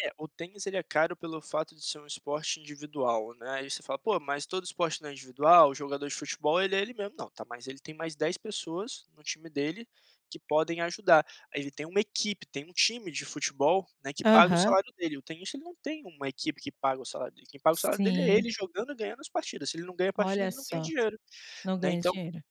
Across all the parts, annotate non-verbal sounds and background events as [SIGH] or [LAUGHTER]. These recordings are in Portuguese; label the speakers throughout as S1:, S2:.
S1: É, o tênis, ele é caro pelo fato de ser um esporte individual, né, aí você fala: "Pô, mas todo esporte não é individual? Jogador de futebol, ele é ele mesmo". Não, tá, mas ele tem mais 10 pessoas no time dele que podem ajudar, aí ele tem uma equipe, tem um time de futebol, né, que paga o
S2: Aham.
S1: salário dele. O tenista, ele não tem uma equipe que paga o salário dele, quem paga o salário dele é
S2: Sim.
S1: ele jogando e ganhando as partidas, se ele não ganha a partida,
S2: Olha
S1: ele não ganha
S2: só.
S1: dinheiro,
S2: Não
S1: né,
S2: ganha
S1: então,
S2: dinheiro.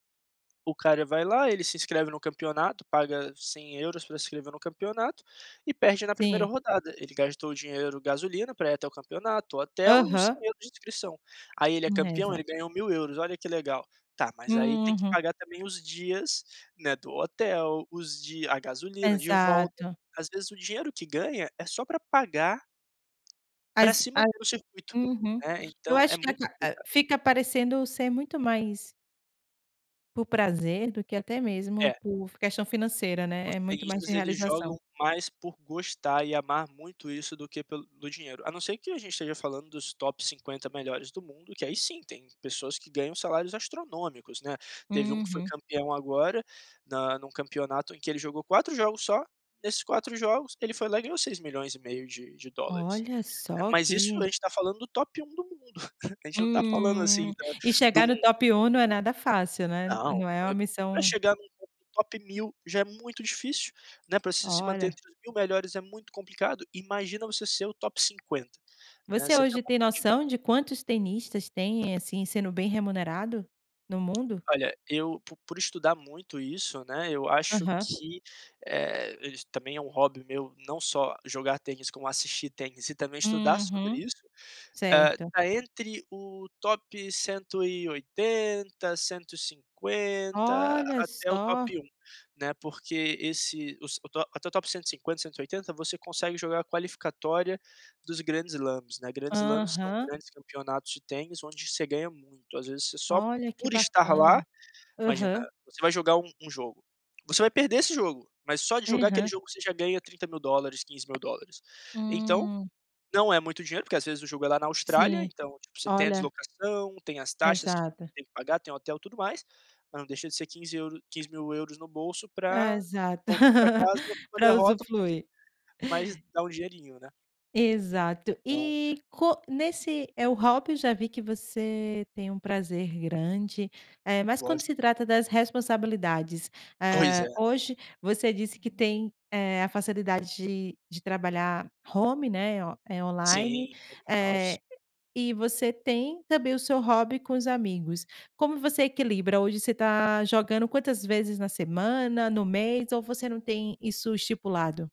S1: o cara vai lá, ele se inscreve no campeonato, paga 100 € pra se inscrever no campeonato e perde na 1ª
S2: Sim.
S1: rodada. Ele gastou o dinheiro gasolina para ir até o campeonato, o hotel e os cem
S2: Aham.
S1: euros de inscrição. Aí ele é campeão,
S2: [UNINTELLIGIBLE]
S1: ele ganhou 1.000 €, olha que legal. Tá, mas aí tem que
S2: Uhum.
S1: pagar também os dias, né, do hotel, os di a gasolina de volta.
S2: Exato.
S1: Às vezes o dinheiro que ganha é só pra pagar pra
S2: As
S1: se
S2: A
S1: manter no circuito,
S2: Uhum,
S1: né,
S2: eu
S1: então é
S2: acho que a
S1: muito
S2: ca ah,
S1: complicado.
S2: fica parecendo ser muito mais por prazer do que até mesmo
S1: É.
S2: por f questão financeira, né,
S1: Os
S2: é muito mais de
S1: tenistas, eles
S2: realização.
S1: jogam mais por gostar e amar muito isso do que pelo do dinheiro, a não ser que a gente esteja falando dos top 50 melhores do mundo, que aí sim, tem pessoas que ganham salários astronômicos, né, teve um que foi
S2: Uhum.
S1: campeão agora, na num campeonato em que ele jogou 4 jogos só, nesses 4 jogos ele foi lá e ganhou seis milhões e meio de de dólares,
S2: Olha
S1: né.
S2: só,
S1: Mas isso a
S2: que
S1: gente tá falando do top 1 do mundo. [CHUCKLES] A gente não tá falando,
S2: Hum,
S1: assim, da
S2: e
S1: do um
S2: chegar no
S1: [UNINTELLIGIBLE]
S2: top 1 não é nada fácil, né, n
S1: Não,
S2: não é
S1: ah,
S2: uma
S1: pra
S2: missão
S1: chegar num [UNINTELLIGIBLE] top 1.000 já é muito difícil, né, para você se manter
S2: Olha.
S1: entre os 1.000 melhores é muito complicado, imagina você ser o top 50, né,
S2: Você
S1: você
S2: hoje tem
S1: [UNINTELLIGIBLE]
S2: noção de quantos tenistas têm, assim, sendo bem remunerado no mundo?
S1: Olha, eu po por estudar muito isso, né, eu acho
S2: Aham.
S1: que, eh, isso também é um hobby meu não só jogar tênis como assistir tênis e também estudar sobre
S2: Uhum.
S1: isso, ah,
S2: Certo.
S1: tá entre o top 180, 150
S2: Olha
S1: até o
S2: só!
S1: top 1, né, porque esse os o até o top 150, 180 você consegue jogar a qualificatória dos grandes slams, né, grandes slams são
S2: Aham.
S1: grandes campeonatos de tênis onde você ganha muito, às vezes você só
S2: Olha! Que
S1: por estar lá
S2: bacana.
S1: Imagina,
S2: Aham.
S1: você vai jogar um um jogo, você vai perder esse jogo, mas só de jogar aquele
S2: Aham.
S1: jogo você já ganha $30.000, $15.000. Então,
S2: Hum.
S1: não é muito dinheiro, porque, às vezes, o jogo é lá na Austrália,
S2: Sim.
S1: então, tipo, você tem a
S2: Olha.
S1: deslocação, tem as taxas que
S2: Exato.
S1: tem que pagar, tem hotel, tudo mais, mas não deixa de ser quinze euro 15.000 € no bolso pra
S2: Exato.
S1: voltar pra
S2: [LAUGHS]
S1: casa com uma
S2: Pra
S1: derrota, mas
S2: usufruir
S1: mas dá um dinheirinho, né?
S2: Exato,
S1: Então.
S2: e co nesse é, o hobby eu já vi que você tem um prazer grande, eh, mas quando
S1: Gosto.
S2: se trata das responsabilidades,
S1: Pois
S2: ah,
S1: é.
S2: hoje você disse que tem, eh, a facilidade de de trabalhar home, né, eh, online,
S1: Sim, o home
S2: eh,
S1: office.
S2: e você tem também o seu hobby com os amigos. Como você equilibra? Hoje você está jogando quantas vezes na semana, no mês ou você não tem isso estipulado?